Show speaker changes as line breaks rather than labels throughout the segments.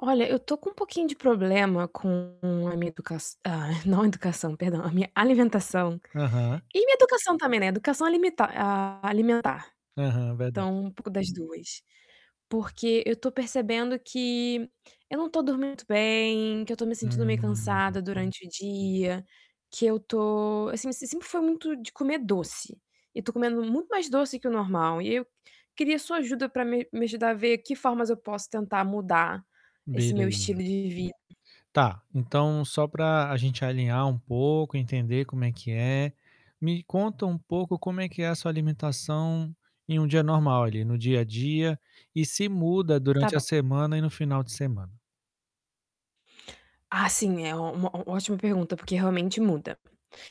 Olha, eu tô com um pouquinho de problema com a minha educaç ah, não educação, perdão, a minha alimentação
Aham.
e minha educação também, né, educação alimenta a alimentar.
Aham, verdade.
Então, um pouco das 2, porque eu tô percebendo que eu não tô dormindo bem, que eu tô me sentindo meio
Hum.
cansada durante o dia, que eu tô, assim me eu sempre fui muito de comer doce e tô comendo muito mais doce que o normal e eu queria sua ajuda pra me me ajudar a ver que formas eu posso tentar mudar esse meu estilo
Beleza.
de vida.
Tá, então, só pra a gente alinhar um pouco, entender como é que é, me conta um pouco como é que é a sua alimentação em um dia normal ali, no dia a dia, e se muda
Tá
durante a
bom.
semana e no final de semana?
Ah, sim, é uma uma ó ótima pergunta, porque realmente muda.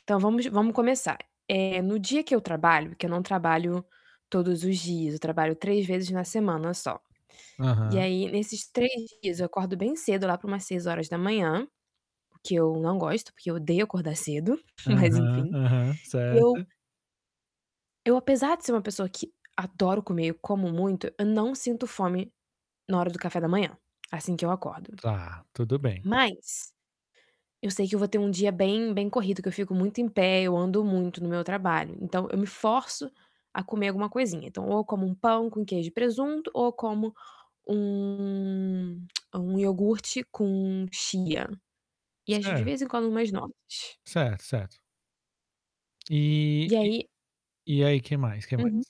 Então vamos vamos começar, eh, no dia que eu trabalho, que eu não trabalho todos os dias, eu trabalho 3 vezes na semana só. E
Aham.
aí, nesses 3 dias eu acordo bem cedo, lá pra umas 6:00, o que eu não gosto, porque eu odeio acordar cedo, mas,
Aham,
enfim,
aham,
e eu
certo.
eu apesar de ser uma pessoa que adoro comer, eu como muito, eu não sinto fome na hora do café da manhã, assim que eu acordo.
Tá, tudo bem.
Mas eu sei que eu vou ter um dia bem bem corrido, que eu fico muito em pé, eu ando muito no meu trabalho, então, eu me forço a comer alguma coisinha. Então, ou eu como um pão com queijo e presunto, ou eu como um um iogurte com chia e às ve de
Certo.
vez em quando umas nozes.
Certo, certo. E
E
e
aí
e aí, que mais, que mais?
Uhum.